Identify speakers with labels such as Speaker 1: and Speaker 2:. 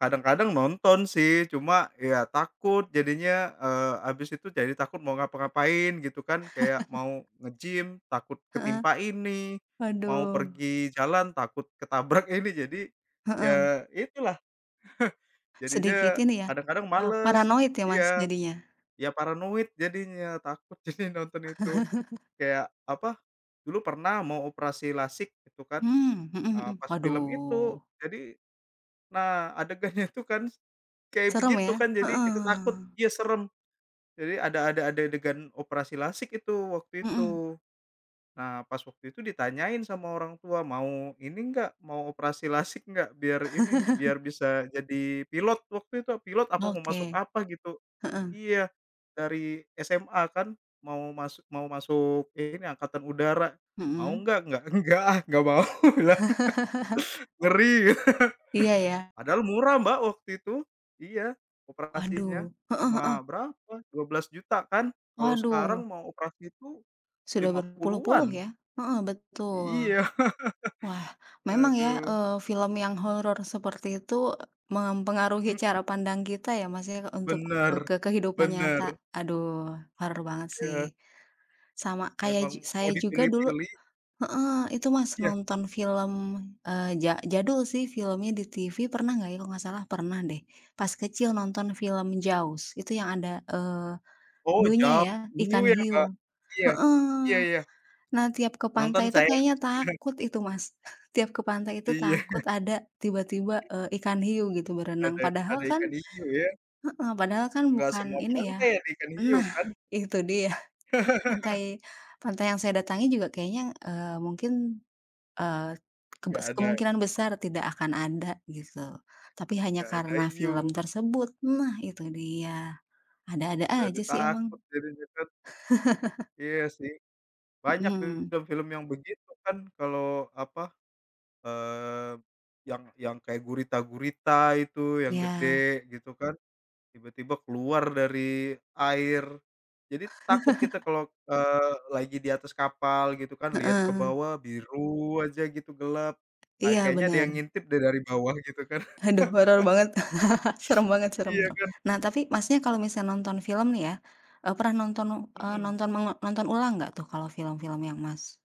Speaker 1: Kadang-kadang nonton, sih, cuma, ya, takut. Jadinya, eee, abis itu jadi takut mau ngapa-ngapain gitu, kan, Kayak mau nge-gym takut
Speaker 2: Heeh.
Speaker 1: ketimpa ini, mau
Speaker 2: Waduh.
Speaker 1: pergi jalan takut ketabrak ini. Jadi,
Speaker 2: Heeh.
Speaker 1: ya, itulah.
Speaker 2: Sedikit
Speaker 1: Jadinya
Speaker 2: ini, ya,
Speaker 1: kadang-kadang
Speaker 2: eee,
Speaker 1: males,
Speaker 2: paranoid ya Mas,
Speaker 1: iya.
Speaker 2: jadinya.
Speaker 1: Ya, paranoid jadinya, takut jadinya nonton itu. Kayak apa, dulu pernah mau operasi lasik gitu, kan,
Speaker 2: Mmm, hmm
Speaker 1: eee,
Speaker 2: hmm.
Speaker 1: pas film itu.
Speaker 2: Waduh.
Speaker 1: Jadi, nah adegannya itu, kan, kayak
Speaker 2: Serem,
Speaker 1: begitu,
Speaker 2: ya?
Speaker 1: kan, jadi kita takut
Speaker 2: Heeh.
Speaker 1: iya, serem. Jadi ada ada ade adegan operasi lasik itu waktu
Speaker 2: Hmm.
Speaker 1: itu. Nah, pas waktu itu ditanyain sama orang tua, mau ini enggak mau operasi lasik enggak? Biar ini biar bisa jadi pilot waktu itu, pilot apa mau masuk
Speaker 2: Oke.
Speaker 1: apa gitu.
Speaker 2: Heeh.
Speaker 1: Iya, dari SMA, kan, mau masuk mau masuk ini Angkatan Udara, "Mau
Speaker 2: Hmm.
Speaker 1: enggak?" "Eggak enggak, ah, enggak mau," kubilang. Ngeri.
Speaker 2: Iya iya.
Speaker 1: Padahal murah Mbak waktu itu. Iya, operasinya.
Speaker 2: Waduh. Heeh heeh.
Speaker 1: Cuma berapa, Rp12.000.000 kan? Kalau sekarang
Speaker 2: Waduh.
Speaker 1: mau operasi itu
Speaker 2: Sudah
Speaker 1: lima
Speaker 2: berpuluh-puluh,
Speaker 1: puluhan.
Speaker 2: ya. Heeh,
Speaker 1: Iya.
Speaker 2: betul. Wah memang, ya,
Speaker 1: Aduh.
Speaker 2: eee, film yang horor seperti itu mempengaruhi
Speaker 1: Hmm.
Speaker 2: cara pandang kita, ya, Mas, ya, untuk, eee,
Speaker 1: Bener.
Speaker 2: ke kehidupan nyata.
Speaker 1: Bener.
Speaker 2: Aduh, horor banget, sih.
Speaker 1: Iya.
Speaker 2: Sama kayak
Speaker 1: Memang
Speaker 2: jug
Speaker 1: mau
Speaker 2: saya juga dulu
Speaker 1: dipilih-pilih.
Speaker 2: heeh, itu Mas,
Speaker 1: Iya.
Speaker 2: nonton film, eee, ja jadul, sih, filmnya di TV, pernah enggak, ya, kalau enggak salah pernah, deh, pas kecil nonton film Jaws. Itu yang ada, eee,
Speaker 1: Oh
Speaker 2: hiunya,
Speaker 1: Jaws.
Speaker 2: ya, ikan
Speaker 1: Hiu ya Mbak?
Speaker 2: hiu.
Speaker 1: Iya. Iya
Speaker 2: Heeh.
Speaker 1: iya.
Speaker 2: Nah, tiap ke
Speaker 1: Nonton
Speaker 2: pantai itu
Speaker 1: saya.
Speaker 2: kayaknya takut itu Mas. Tiap ke pantai itu
Speaker 1: Iya.
Speaker 2: takut ada tiba-tiba, eee, ikan hiu gitu berenang.
Speaker 1: Ada
Speaker 2: Padahal,
Speaker 1: ada ikan
Speaker 2: kan
Speaker 1: hiu, ya.
Speaker 2: heeh. Padahal, kan,
Speaker 1: Enggak
Speaker 2: bukan
Speaker 1: semua
Speaker 2: ini, ya
Speaker 1: pantai ada ikan hiu,
Speaker 2: nah,
Speaker 1: kan?
Speaker 2: itu dia. Pantai pantai yang saya datangi juga kayaknya, eee, mungkin, eee,
Speaker 1: Nggak
Speaker 2: kebes
Speaker 1: ada.
Speaker 2: kemungkinan besar tidak akan ada, gitu. Tapi hanya
Speaker 1: Nggak ada
Speaker 2: karena film
Speaker 1: hiu.
Speaker 2: tersebut nah itu dia, ada-ada
Speaker 1: Jadi
Speaker 2: aja, sih emang.
Speaker 1: takut jadinya, kan. Iya, sih. Banyak
Speaker 2: Hmm.
Speaker 1: film-film yang begitu, kan, kalau apa, eee, yang yang kayak gurita-gurita itu, yang gede
Speaker 2: Iya.
Speaker 1: gitu, kan, tiba-tiba keluar dari air. Jadi takut kita kalau, eee, lagi di atas kapal gitu, kan, lihat ke
Speaker 2: Heeh.
Speaker 1: bawah biru aja gitu gelap. Ah,
Speaker 2: Iya
Speaker 1: kayaknya ada
Speaker 2: bener.
Speaker 1: ngintip, deh, dari bawah, gitu, kan?
Speaker 2: Aduh. Horor banget. Serem banget, serem
Speaker 1: Iya,
Speaker 2: serem.
Speaker 1: kan?
Speaker 2: Nah, tapi Masnya kalau misalnya nonton film, nih, ya, eee, pernah nonton, eee,
Speaker 1: Hmm.
Speaker 2: nonton meng nonton ulang nggak, tuh, kalau film-filmnya Mas?